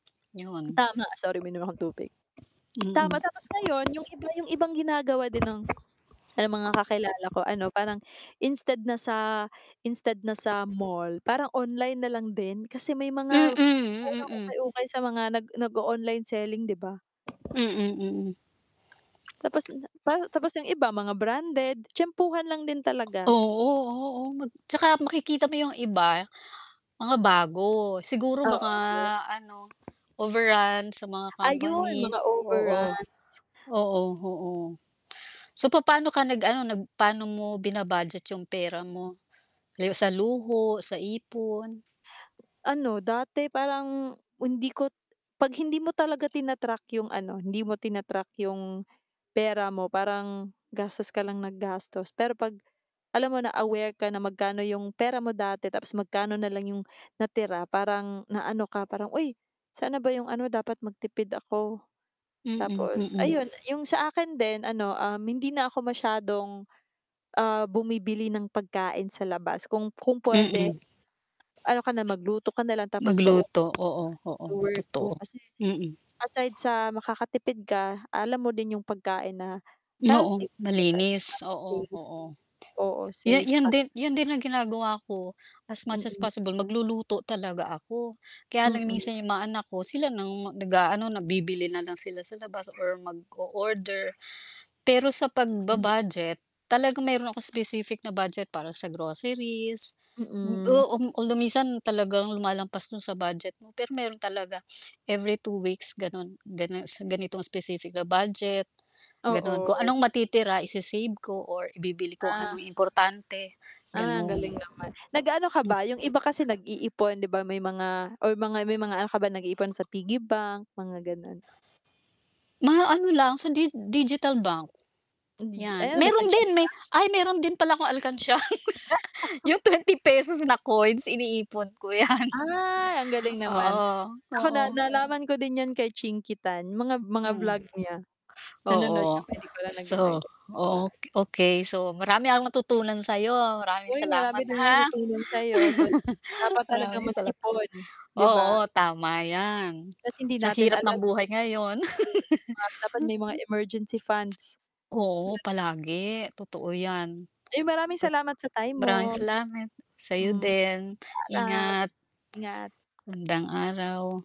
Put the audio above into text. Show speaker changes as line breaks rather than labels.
'Yon.
Tama sorry uminom akong tubig. Tama
Mm.
tapos ngayon 'yung iba 'yung ibang ginagawa din ng mga kakilala ko ano, parang instead na sa instead na sa mall, parang online na lang din kasi may
Mm,
mga
hmm,
murang
mm.
ukay-ukay sa mga nag nag-o-online selling, 'di ba?
Mm, mm.
Tapos na parang tapos 'yung iba mga branded, tiyempuhan lang din talaga.
Oo, oh, oh, mag 'tsaka makikita mo 'yung iba mga bago, siguro mga
Oo.
ano, overruns sa mga
Ayun
company.
mga
Oo,
overrun.
oo, oo. So, papa'no ka nag ano, nag pa'no mo bina-budget 'yung pera mo gaya sa luho, sa ipon?
Ano, dati parang hindi ko 'pag hindi mo talaga tina-track 'yung ano, hindi mo tina-track 'yung pera mo, parang gastos ka lang nang gastos. Pero 'pag alam mo na aware ka na magkano 'yung pera mo dati tapos magkano na lang 'yung natira, parang naano ka, parang, "Uy, saan na ba 'yung ano, dapat magtipid ako,"
Mm,
Tapos
mm.
ayun, 'yung sa akin din ano, um, hindi na ako masyadong, ah, bumibili ng pagkain sa labas. Kung kung puwede,
Mm.
ano ka na, magluto ka na lang, tapos baunin
Magluto,
mo sa
oo,
ano
oo,
sa work mo
totoo.
kasi
Mm.
aside sa makakatipid ka, alam mo din 'yung pagkain na
Oo,
healthy [unintelligible] para sa
malinis, oo,
safe.
oo.
Oo,
'Yu
safe.
'yun din 'yun din ang ginagawa ko, as much as
Mm.
possible magluluto talaga ako. Kaya lang
Mm.
minsan 'yung mga anak ko sila ng nag-aano, na bibili na lang sila sa labas or mag-o-order. Pero sa
Hmm.
pagba-budget talagang meron akong specific na budget para sa groceries
Mm.
o um, kung lu minsan talagang lumalampas dun sa budget mo, pero meron talaga every two weeks ganun ganun sa ganitong specific na budget, ganun. Kung
Oo.
anong matitira isi-save ko or ibibili kung
Ah.
anong importante
Ah, ang
gano'n.
galing naman. Nag-ano ka ba 'yung iba kasi nag-iipon 'di ba, may mga or mga may mga ano ka ba nag-iipon sa piggy bank, mga gano'n?
Mga ano lang sa di digital bank.
Yung digi ay
'Yan,
ano ba sa
meron din may
Gcash?
ay meron din pala akong alkansiya. Yung ₱20 na coins iniipon ko 'yan,
Ay, ang galing naman.
oo,
Ako
oo.
na nalaman ko din 'yan kay Chinkee Tan, mga mga
Mm,
vlog niya. Nanonood
oo.
kami 'di ko lang nag
So,
[unintelligible] pa.
o okey. So, marami akong natutunan sa'yo, maraming
Uy,
salamat
marami din akong
ha.
natutunan sa'yo. So, dapat talaga
Maraming
mag
salat
ipon, 'di ba?
oo, tama 'yan.
Kasi hindi
Sa
natin
hirap ng
alam
buhay ngayon.
'di ba dapat may mga emergency funds.
Oo,
Tulad ng
palagi, totoo 'yan.
Uy, maraming
Pa
salamat sa time
maraming
mo.
salamat, sa'yo
Mm,
din.
paalam!
Ingat.
Ingat.
Magandang araw.